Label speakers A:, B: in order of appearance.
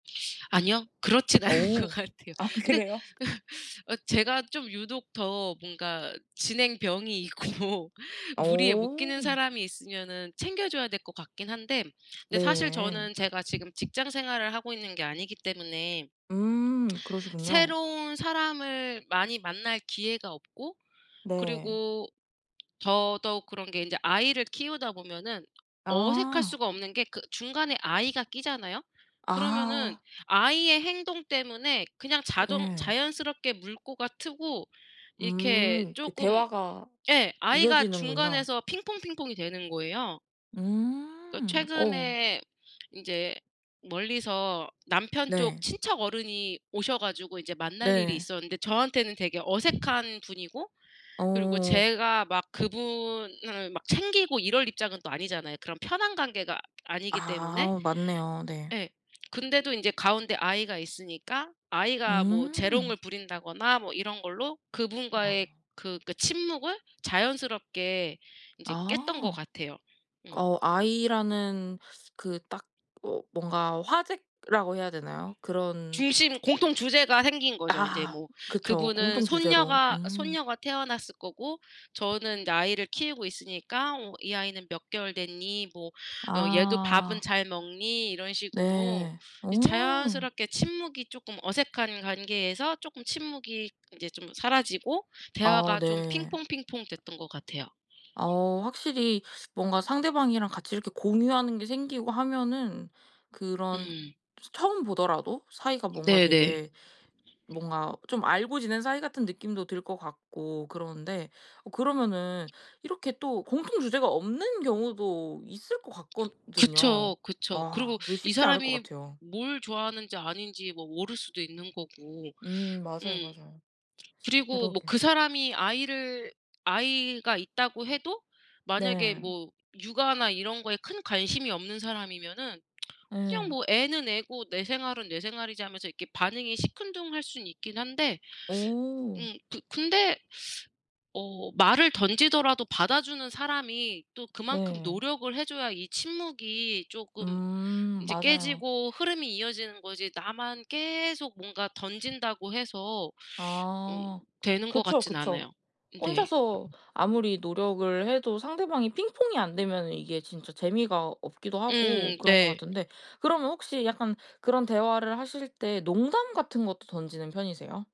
A: 아니요. 그렇진 않은 것
B: 어.
A: 같아요.
B: 아
A: 근데
B: 그래요?
A: 어 제가 좀 유독 더 뭔가 진행병이 있고 무리에 못 끼는
B: 어.
A: 사람이 있으면은 챙겨 줘야 될 것 같긴 한데 근데 사실
B: 네.
A: 저는 제가 지금 직장 생활을 하고 있는 게 아니기 때문에
B: 음 그러시군요.
A: 새로운 사람을 많이 만날 기회가 없고
B: 네.
A: 그리고 더더욱 그런 게 인제 아이를 키우다 보면은 어색할
B: 아.
A: 수가 없는 게 그 중간에 아이가 끼잖아요. 그러면은
B: 아.
A: 아이의 행동 때문에 그냥 자동
B: 예.
A: 자연스럽게 물꼬가 트고 이렇게
B: 음. 그
A: 쪼금
B: 대화가
A: 예 아이가
B: 이어지는군요.
A: 중간에서 핑퐁핑퐁이 되는 거예요. 그
B: 음. 어.
A: 최근에 인제 멀리서 남편 쪽
B: 네.
A: 친척 어른이 오셔 가지고 이제 만날 일이
B: 네.
A: 있었는데 저한테는 되게 어색한 분이고 그리고
B: 어.
A: 제가 막 그분을 막 챙기고 이럴 입장은 또 아니잖아요 그런 편한 관계가 아니기 때문에.
B: 아 맞네요. 네.
A: 예. 근데도 인제 가운데 아이가 있으니까 아이가 뭐
B: 음.
A: 재롱을 부린다거나 뭐 이런 걸로 그분과의
B: 아.
A: 그 그러니까 침묵을 자연스럽게 인제 깼던 것
B: 아.
A: 같아요. 음.
B: 어 아이라는 그 딱 어 뭔가 화제라고 해야 되나요 그런
A: 중심 공통 주제가 생긴 거죠. 인제
B: 아
A: 뭐
B: 그쵸
A: 그분은
B: 공통 주제로.
A: 손녀가
B: 음.
A: 손녀가 태어났을 거고 저는 인제 아이를 키우고 있으니까 뭐 "이 아이는 몇 개월 됐니?" 뭐 "어 얘도 밥은
B: 아.
A: 잘 먹니?" 이런 식으로
B: 네. 어.
A: 이 자연스럽게 침묵이 쪼끔 어색한 관계에서 쪼끔 침묵이 인제 좀 사라지고
B: 아
A: 대화가 좀
B: 네.
A: 핑퐁핑퐁 됐던 것 같아요.
B: 어 확실히 뭔가 상대방이랑 같이 이렇게 공유하는 게 생기고 하면은 그런
A: 음.
B: 스 처음 보더라도 사이가 뭔가
A: 네네.
B: 되게 뭔가 좀 알고 지낸 사이 같은 느낌도 들 것 같고 그러는데 어 그러면은 이렇게 또 공통 주제가 없는 경우도 있을 것 같거든요.
A: 그쵸, 그쵸.
B: 아
A: 그리고
B: 그게
A: 이
B: 쉽지 않을 것
A: 사람이
B: 같아요.
A: 뭘 좋아하는지 아닌지 뭐 모를 수도 있는 거고.
B: 음 맞아요,
A: 음.
B: 맞아요.
A: 그리고 뭐
B: 그러게.
A: 그 사람이 아이를 아이가 있다고 해도 만약에
B: 네.
A: 뭐 육아나 이런 거에 큰 관심이 없는 사람이면은 '그냥
B: 예.
A: 뭐 애는 애고 내 생활은 내 생활이지.' 하면서 이렇게 반응이 시큰둥할 순 있긴 한데.
B: 오.
A: 음 그 근데 어 말을 던지더라도 받아주는 사람이 또 그만큼
B: 네.
A: 노력을 해 줘야 이 침묵이 쪼끔
B: 음
A: 인제
B: 맞아요.
A: 깨지고 흐름이 이어지는 거지 나만 계속 뭔가 던진다고 해서 음
B: 아
A: 되는 것
B: 그쵸,
A: 같진
B: 그쵸.
A: 않아요. 음 네.
B: 혼자서 아무리 노력을 해도 상대방이 핑퐁이 안 되면은 이게 진짜 재미가 없기도 하고
A: 음
B: 그런 것
A: 네.
B: 같은데 그러면 혹시 약간 그런 대화를 하실 때 농담 같은 것도 던지는 편이세요?